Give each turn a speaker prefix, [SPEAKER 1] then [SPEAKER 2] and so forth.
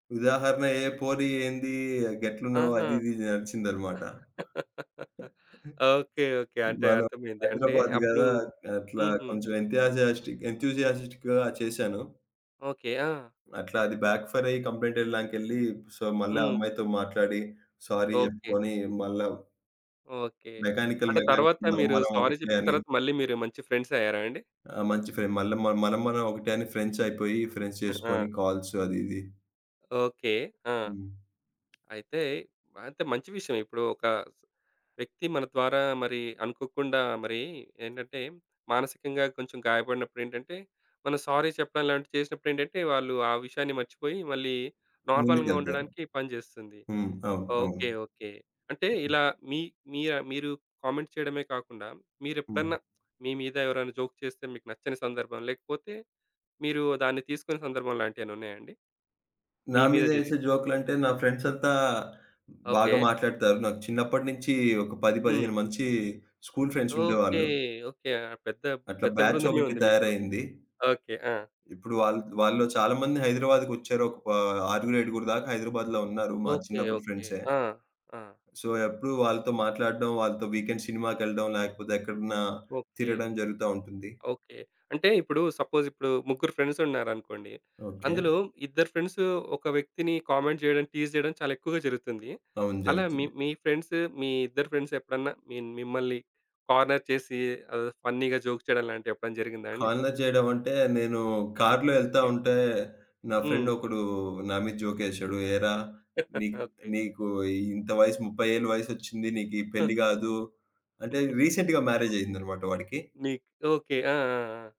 [SPEAKER 1] ఉదాహరణ ఏ పోరి ఏంది గెట్లున్నావు
[SPEAKER 2] ఆహా!
[SPEAKER 1] అది ఇది నడిచిందన్నమాట.
[SPEAKER 2] ఓకే. ఒకే. అంటే
[SPEAKER 1] మనం
[SPEAKER 2] అర్థమైంది అంటే
[SPEAKER 1] హైదరాబాద్
[SPEAKER 2] అప్పుడు
[SPEAKER 1] గదా, అట్లా
[SPEAKER 2] హుహు.
[SPEAKER 1] కొంచెం ఎంతజియస్ట్‌క్ ఎంథూసియాస్టిక్ చేశాను.
[SPEAKER 2] ఓకే. ఆ!
[SPEAKER 1] అట్లా అది బ్యాక్ ఫైర్ అయ్యి కంప్లెయింట్ ఇవ్వడానికెళ్ళి సో, మళ్ళా ఆ
[SPEAKER 2] హ్మ్.
[SPEAKER 1] అమ్మాయితో మాట్లాడి సారీ
[SPEAKER 2] ఓకే.
[SPEAKER 1] చెప్పుకొని మళ్ళా
[SPEAKER 2] ఓకే.
[SPEAKER 1] మెకానికల్
[SPEAKER 2] అంటే తర్వాత
[SPEAKER 1] మెకానికల్ మనం
[SPEAKER 2] మీరు
[SPEAKER 1] మనం
[SPEAKER 2] సారీ
[SPEAKER 1] ఒకటే
[SPEAKER 2] చెప్పిన
[SPEAKER 1] అని.
[SPEAKER 2] తర్వాత మళ్ళీ మీరు మంచి ఫ్రెండ్స్ అయ్యారా అండి?
[SPEAKER 1] ఆ! మంచి ఫ్రెం మల్ల మనం మనం ఒకటే అని ఫ్రెండ్స్ అయిపోయి ఫ్రెండ్స్
[SPEAKER 2] ఆ!
[SPEAKER 1] చేసుకొని, కాల్స్ అది ఇది.
[SPEAKER 2] ఓకే. ఆ!
[SPEAKER 1] హ్మ్.
[SPEAKER 2] అయితే అంటే మంచి విషయం. ఇప్పుడు ఒక వ్యక్తి మన ద్వారా మరి అనుకోకుండా మరి ఏంటంటే, మానసికంగా కొంచెం గాయపడినప్పుడు ఏంటంటే, మనం సారీ చెప్పడం లాంటివి చేసినప్పుడు ఏంటంటే, వాళ్ళు ఆ విషయాన్ని మర్చిపోయి, మళ్ళీ నార్మల్‌గా
[SPEAKER 1] ముందుకెళ్తారు.
[SPEAKER 2] ఉండడానికి పనిచేస్తుంది.
[SPEAKER 1] హ్మ్. అవును. అవును.
[SPEAKER 2] ఓకే. ఓకే. అంటే ఇలా మీ మీ మీరు కామెంట్ చేయడమే కాకుండా,
[SPEAKER 1] హ్మ్.
[SPEAKER 2] మీరెప్పుడన్నా మీ మీద ఎవరైనా జోక్ చేస్తే మీకు నచ్చని సందర్భం, లేకపోతే మీరు దాన్ని తీసుకునే సందర్భం లాంటివేమైనా ఉన్నాయా అండి?
[SPEAKER 1] నా
[SPEAKER 2] మీ మీద
[SPEAKER 1] మీద
[SPEAKER 2] జరిగింది?
[SPEAKER 1] ఏసే జోకులంటే నా ఫ్రెండ్స్ అంతా, బాగా
[SPEAKER 2] ఓకే.
[SPEAKER 1] మాట్లాడతారు. నాకు చిన్నప్పటి నుంచి ఒక పది
[SPEAKER 2] హ్మ్.
[SPEAKER 1] పదిహేను మంచీ స్కూల్ ఫ్రెండ్స్
[SPEAKER 2] ఓకే.
[SPEAKER 1] ఉండేవాళ్ళు.
[SPEAKER 2] ఓకే. పెద్ద
[SPEAKER 1] అట్లా
[SPEAKER 2] పెద్ద
[SPEAKER 1] బ్యాచ్
[SPEAKER 2] బృందమే
[SPEAKER 1] ఒకటి
[SPEAKER 2] ఉంది మీకు
[SPEAKER 1] తయారయింది.
[SPEAKER 2] ఓకే. ఆ!
[SPEAKER 1] ఇప్పుడు వాళ్ళు వాళ్ళలో చాలా మంది హైదరాబాద్‌కొచ్చారు ఒక ఆరుగురు ఏడుగురు దాకా హైదరాబాద్‌లో ఉన్నారు. మా
[SPEAKER 2] ఓకే.
[SPEAKER 1] చిన్నప్పుడు
[SPEAKER 2] ఓకే.
[SPEAKER 1] ఫ్రెండ్సే.
[SPEAKER 2] ఆ! ఆ!
[SPEAKER 1] సో, ఎప్పుడు వాళ్ళతో మాట్లాడడం. వాళ్ళతో వీకెండ్ సినిమాకెళ్ళడం, లేకపోతే ఎక్కడన్నా
[SPEAKER 2] ఓకే.
[SPEAKER 1] తిరగడం జరుగుతా ఉంటుంది.
[SPEAKER 2] ఓకే. అంటే ఇప్పుడు సపోజ్ ఇప్పుడు ముగ్గురు ఫ్రెండ్స్ ఉన్నారనుకోండి,
[SPEAKER 1] ఓకే.
[SPEAKER 2] అందులో ఇద్దరు ఫ్రెండ్స్ ఒక వ్యక్తిని కామెంట్ చేయడం టీజ్ చేయడం చాలా ఎక్కువగా జరుగుతుంది.
[SPEAKER 1] అవును.
[SPEAKER 2] అలా మీ
[SPEAKER 1] జరుగుతుంది.
[SPEAKER 2] మీ ఫ్రెండ్స్ మీ ఇద్దరు ఫ్రెండ్స్ ఎప్పుడన్నా మి మిమ్మల్ని కార్నర్ చేసి ఆహ్, ఫన్నీగా జోక్ చేయడం లాంటివి ఎప్పుడైనా జరిగిందా అండి?
[SPEAKER 1] కార్నర్ చేయడం అంటే, నేను కార్‌లో ఎళ్తా
[SPEAKER 2] ఓకే.
[SPEAKER 1] ఉంటే, నా ఫ్రెండ్
[SPEAKER 2] హ్మ్.
[SPEAKER 1] ఒకడు నా మీద జోక్ ఏసాడు, "ఏరా! నీకు
[SPEAKER 2] ఓకే.
[SPEAKER 1] నీకు ఇంత వయసు 30 ఏళ్ల వయసొచ్చింది నీకు ఈ
[SPEAKER 2] ఆ!
[SPEAKER 1] పెళ్లి కాదు" అంటే రీసెంట్‌గా మ్యారేజ్
[SPEAKER 2] ఓకే.
[SPEAKER 1] అయిందన్నమాట వాడికి.
[SPEAKER 2] మీ ఓకే. ఆ! ఆ! ఆ!